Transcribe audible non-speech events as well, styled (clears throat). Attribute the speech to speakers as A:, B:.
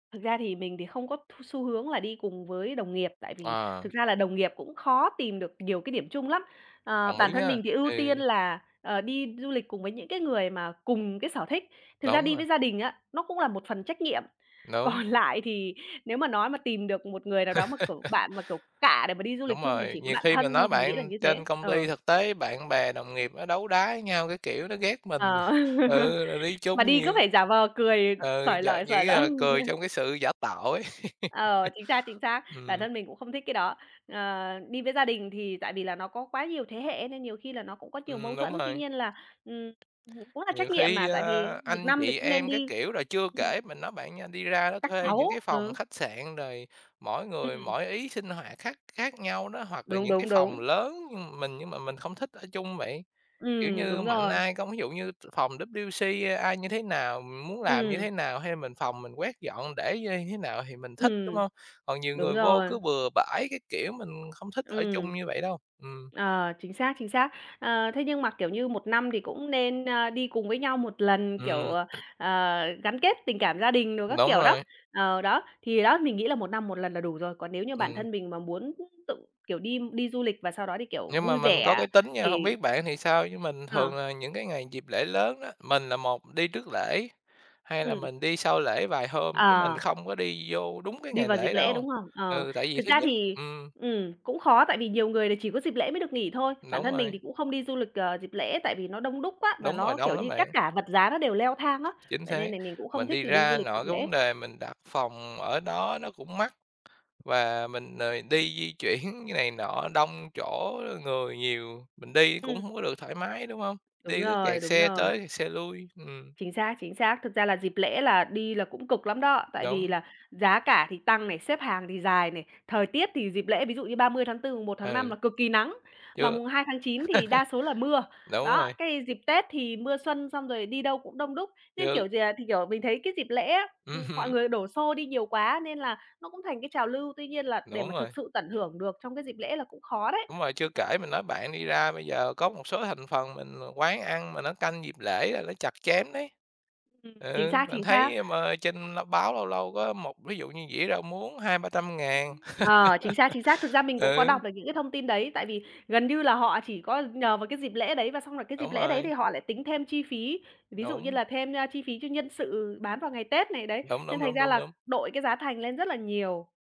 A: Thực ra thì mình thì không có th xu hướng là đi cùng với đồng nghiệp, tại vì
B: À.
A: thực ra là đồng nghiệp cũng khó tìm được nhiều cái điểm chung lắm, ờ,
B: Đồng
A: bản
B: ý
A: thân
B: nhá!
A: mình thì ưu
B: Ừ.
A: tiên là, ờ, đi du lịch cùng với những cái người mà cùng cái sở thích. Thực ra
B: Đúng
A: đi
B: rồi.
A: với gia đình á, nó cũng là một phần trách nhiệm,
B: Đúng.
A: còn lại thì nếu mà nói mà tìm được một người nào đó, mà, kiểu,
B: (laughs)
A: bạn mà, kiểu, cạ để mà đi du lịch
B: Đúng
A: chung thì
B: rồi.
A: chỉ có
B: Nhiều
A: bạn
B: khi mình
A: thân
B: nói
A: thôi, mình nghĩ là
B: bạn,
A: như thế,
B: trên công ty
A: ờ.
B: thực tế bạn bè đồng nghiệp nó đấu đá với nhau các kiểu, nó ghét mình
A: Ờ,
B: (laughs)
A: (laughs)
B: ừ, rồi đi
A: mà
B: chung
A: đi
B: nhiều
A: cứ phải giả vờ cười
B: ờ,
A: xởi
B: giả
A: lởi,
B: kiểu
A: xởi
B: như
A: lởi.
B: là, cười trong cái
A: (laughs)
B: sự giả tạo ấy.
A: Ờ, chính xác, chính
B: (laughs)
A: xác! Bản
B: Ừm.
A: thân mình cũng không thích cái đó. Ờ, đi với gia đình thì tại vì là nó có quá nhiều thế hệ ấy, nên nhiều khi là nó cũng có nhiều mâu
B: Ừm, đúng
A: thuẫn, tuy
B: rồi.
A: nhiên là, ừm, cũng là trách
B: Nhiều
A: nhiệm
B: khi,
A: mà, tại
B: a,
A: vì 1
B: anh
A: năm thì
B: chị
A: cũng nên
B: em các
A: đi
B: kiểu, rồi chưa
A: ừm.
B: kể, mình nói bạn nha, đi ra đó
A: Các
B: thuê những cái
A: cháu,
B: phòng
A: ừ.
B: khách sạn, rồi mỗi người
A: Ừm.
B: mỗi ý, sinh hoạt khác khác nhau đó, hoặc là
A: Đúng,
B: những cái
A: đúng,
B: phòng
A: đúng.
B: lớn mình nhưng mà mình không thích ở chung vậy. Kiểu
A: Ừm,
B: như,
A: đúng
B: mạnh
A: rồi.
B: ai không ví dụ như t phòng WC, a ai như thế nào, mình muốn làm như thế
A: Ừm.
B: nào, hay là mình phòng mình quét dọn, để như nh thế nào thì mình thích, đúng
A: Ừm,
B: hông? Còn nhiều
A: đúng
B: người vô
A: rồi.
B: cứ bừa bãi các kiểu, mình không thích ở
A: Ừm.
B: chung như vậy đâu, ừm.
A: Ờ, chính xác, chính xác. Ờ, thế nhưng mà, kiểu như, 1 năm thì cũng nên, ơ, đi cùng với nhau 1 lần, kiểu,
B: Ừm.
A: ờ,
B: (clears throat)
A: ờ, gắn kết tình cảm gia đình đồ các
B: Đúng
A: kiểu, đó.
B: rồi.
A: Ờ, đó, thì đó, mình nghĩ là 1 năm 1 lần là đủ rồi, còn nếu như bản
B: Ừm.
A: thân mình mà muốn tự, kiểu, đi đi du lịch, và sau đó thì, kiểu,
B: Nhưng mà
A: vui
B: mình có
A: vẻ
B: cái tính nha, hông
A: thì
B: biết bạn thì sao, chứ mình
A: Ờ.
B: thường là những cái ngày dịp lễ lớn á, mình là một đi trước lễ, hai là
A: Ừm.
B: mình đi sau lễ vài hôm, chứ mình
A: Ờ.
B: không có đi vô đúng cái
A: Đi
B: ngày
A: vào dịp
B: lễ
A: lễ,
B: đâu
A: đúng không? Ờ,
B: ừ, tại vì
A: thực
B: thứ
A: ra
B: nhất
A: thì,
B: ừm.
A: ừm, cũng khó, tại vì nhiều người là chỉ có dịp lễ mới được nghỉ thôi. Bản
B: Đúng
A: thân mình
B: rồi.
A: thì cũng không đi du lịch, ờ, dịp lễ, tại vì nó đông đúc quá, và
B: Đúng rồi,
A: nó, kiểu
B: đông lắm
A: như, các
B: bạn.
A: cả vật giá nó đều leo thang á,
B: Chính
A: vậy nên
B: xác.
A: nà mình cũng không
B: Mình
A: thích
B: đi
A: là đi du
B: ra,
A: lịch dịp
B: nội cái
A: lễ.
B: vấn đề mình đặt phòng ở đó nó cũng mắc, và mình, ờ, đi di chuyển này nọ đông, chỗ người nhiều, mình đi cũng
A: Ừm.
B: hông có được thoải mái, đúng hông?
A: Đúng
B: Đi cứ
A: rồi,
B: kẹt
A: đúng
B: xe
A: rồi.
B: tới kẹt xe lui ừm.
A: Chính xác, chính xác. Thực ra là dịp lễ là đi là cũng cực lắm đó, tại vì
B: Đúng.
A: là giá cả thì tăng này, xếp hàng thì dài này, thời tiết thì dịp lễ, ví dụ như 30/4, 1/5
B: Ừ.
A: là cực kỳ nắng, mà
B: Chưa
A: 2/9 thì đa số là mưa,
B: (laughs) đúng
A: đó,
B: rồi.
A: cái dịp Tết thì mưa xuân, xong rồi đi đâu cũng đông đúc. Nên
B: Chứ
A: kiểu gì là thì kiểu, mình thấy cái dịp lễ á,
B: Ừm
A: ừm, mọi
B: hứm.
A: người đổ xô đi nhiều quá, nên là nó cũng thành cái trào lưu, tuy nhiên là để
B: Đúng
A: mà thực
B: rồi.
A: sự tận hưởng được trong cái dịp lễ là cũng khó đấy.
B: Đúng rồi, chưa kể mình nói bạn, đi ra bây giờ có một số thành phần mình à, quán ăn mà nó canh dịp lễ là ló chặt chém đấy.
A: Ừm, chính
B: Ừ,
A: xác,
B: mình
A: chính xác.
B: thấy mà trên, ơ, báo, lâu lâu có một ví dụ như dĩa rau muống 200.000-300.000.
A: Ờ, chính xác, chính xác. Thực ra
B: (laughs)
A: mình cũng có
B: Ừ.
A: đọc được những cái thông tin đấy, tại vì gần như là họ chỉ có nhờ vào cái dịp lễ đấy và xong rồi cái dịp
B: Đúng
A: lễ đấy thì
B: rồi.
A: họ lại tính thêm chi phí, ví dụ như
B: Đúng.
A: là thêm, ơ, chi phí cho nhân sự bán vào ngày Tết này, đấy,
B: Đúng,
A: nên
B: đúng,
A: thành
B: đúng,
A: ra
B: đúng,
A: là
B: đúng.
A: đội cái giá thành lên rất là nhiều.